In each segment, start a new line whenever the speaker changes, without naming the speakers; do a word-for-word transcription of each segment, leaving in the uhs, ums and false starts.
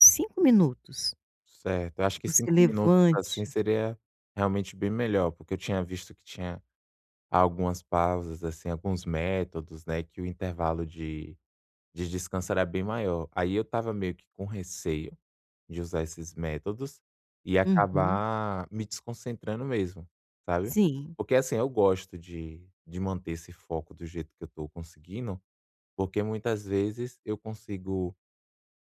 cinco minutos,
Certo, eu acho
que
que
você
cinco minutos, assim,
levante.
seria realmente bem melhor, porque eu tinha visto que tinha algumas pausas assim, alguns métodos, né, que o intervalo de de descanso era bem maior, aí eu estava meio que com receio, de usar esses métodos, e
Uhum.
acabar me desconcentrando mesmo, sabe?
Sim.
Porque, assim, eu gosto de de manter esse foco do jeito que eu estou conseguindo, porque muitas vezes eu consigo,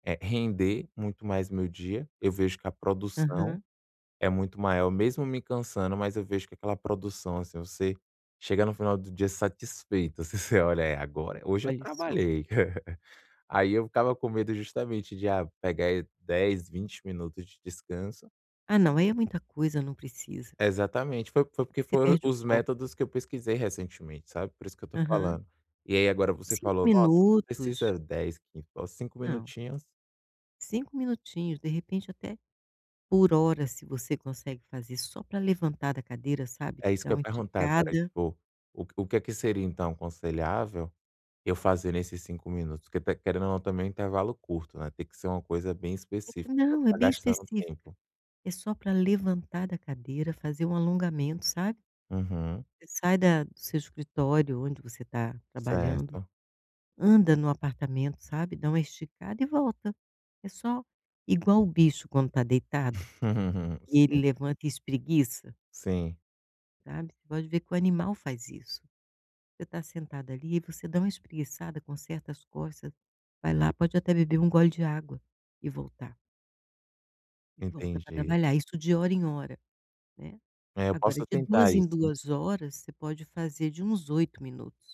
eh, render muito mais meu dia, eu vejo que a produção
Aham.
é muito maior mesmo me cansando, mas eu vejo que aquela produção, assim, você chega no final do dia satisfeita assim, você olha: "É agora, hoje eu
Olhe só.
trabalhei". Aí eu ficava com medo justamente de ah pegar dez, vinte minutos de descanso.
Ah não, aí é muita coisa, não precisa.
Exatamente foi foi, porque,
Porque você
foi
perde o
os
foco.
métodos que eu pesquisei recentemente sabe por isso que eu estou
Aham.
falando, e aí agora você
cinco
falou nossa, não
minutos.
precisa dez, quinze com cinco
Não.
minutinhos.
cinco minutinhos, de repente até, por hora se você consegue fazer só para levantar da cadeira sabe,
É isso que
dar
eu ia
uma
perguntar agora
esticada.
tipo, o o que é que seria então aconselhável, eu fazer nesses cinco minutos, que até querendo ou não também um intervalo curto, né, tem que ser uma coisa bem específica para não
Não, é
estar
bem
gastando
específica,
tempo.
é só para levantar da cadeira, fazer um alongamento, sabe?
Aham.
Você sai da do seu escritório onde você está trabalhando,
Certo.
anda no apartamento sabe, dá uma esticada e volta, é só igual o bicho quando está deitado, que ele
Sim.
levanta e espreguiça
Sim.
sabe? Você pode ver que o animal faz isso, você está sentada ali e você dá uma espreguiçada, conserta as costas, vai lá pode até beber um gole de água, e voltar e volta para
Entendi.
trabalhar, isso de hora em hora, né?
É, eu
Agora
posso
de
tentar
duas em
isso, né.
duas horas você pode fazer de uns oito minutos.